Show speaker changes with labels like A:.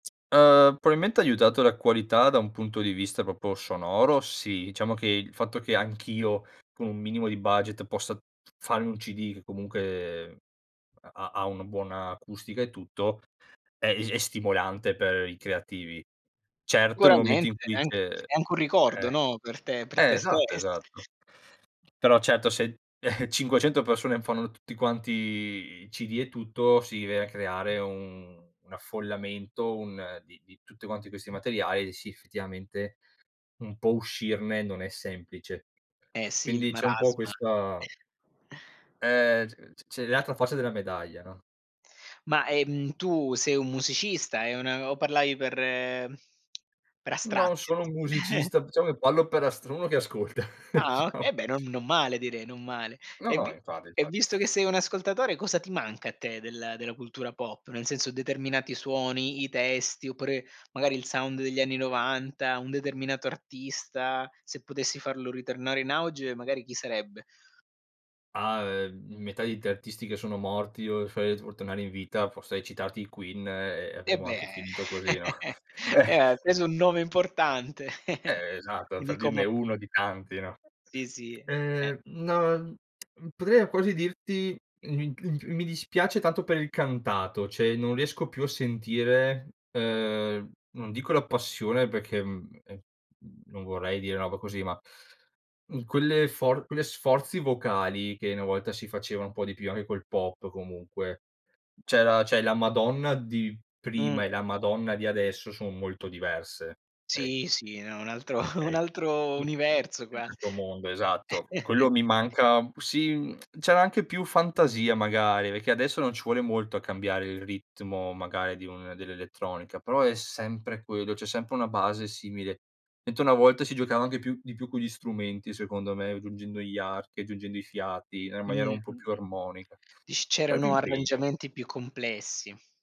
A: Uhm, probabilmente ha aiutato la qualità da un punto di vista proprio sonoro, sì. Diciamo che il fatto che anch'io, con un minimo di budget, possa farmi un CD che, comunque, ha ha una buona acustica e tutto, è [unintelligible] è stimolante per i creativi. Certo, nel momento in
B: Sicuramente,
A: cui
B: è anch
A: c'è
B: è
A: eh,
B: anche un ricordo, no, per te per
A: eh,
B: te
A: esatto,
B: stess
A: esatto. Però, certo, se 500 persone fanno tutti quanti i CD e tutto, si viene a creare un un affollamento, un di di tutti quanti questi materiali e, sì, effettivamente, un po' uscirne non è semplice.
B: Eh sì, il
A: Quindi, c'è un po'
B: marasma.
A: questa eh c c c l'altra faccia della medaglia, no?
B: Ma, ehm, tu sei un musicista, è una o parlavi per per
A: Non
B: astratti?
A: sono un musicista, diciamo che parlo per astr uno che ascolta,
B: Ah, o
A: diciamo.
B: eh beh, non non male direi, non male.
A: No,
B: E
A: no,
B: vi
A: infatti,
B: e
A: infa
B: visto che sei un ascoltatore, cosa ti manca a te del della cultura pop? Nel senso, determinati suoni, i testi oppure magari il sound degli anni 90, un determinato artista, se potessi farlo ritornare in auge, magari, chi sarebbe?
A: Ah, ehm, metà di 3 artisti che sono morti o [unintelligible] o tornare in vita. Forse hai citati i Queen e
B: Eh
A: avremo
B: beh,
A: anche finito così, no?
B: eh, hai
A: Eh.
B: preso un nome importante,
A: Eh, esatto, per dirne
B: un'icona
A: uno di tanti, no.
B: sì, sì, e eh.
A: Ehm, no, potrei quasi dirti, [unintelligible] mi dispiace tanto per il cantato. Cioè, non riesco più a sentire, uhm, non dico la passione perché, mhmm, ehm, non vorrei dire roba così, ma, mhmm, quelle for quelle sforzi vocali che una volta si faceva un po' di più, anche col pop, comunque. C'era cioè, la Madonna di
B: Mh.
A: prima e la Madonna di adesso son molto diverse [unintelligible]
B: Sì, sì, no, è un altro un
A: okay,
B: altro universo, quas
A: [unintelligible] mondo, esatto. Quello mi manca. Sì, c'era anche più fantasia, magari, perché adesso non ci vuole molto a cambiare il ritmo, magari, di un dell'elettronica, però è sempre quello. C'è sempre una base simile. Mentre una volta si giocava anche più di più con gli strumenti, secondo me, aggiungendo gli archi, aggiungendo i fiati, era maniera
B: Mh.
A: un po' più armonica.
B: Dici
A: C'era più
B: c'erano
A: impegno.
B: arrangiamenti più complessi.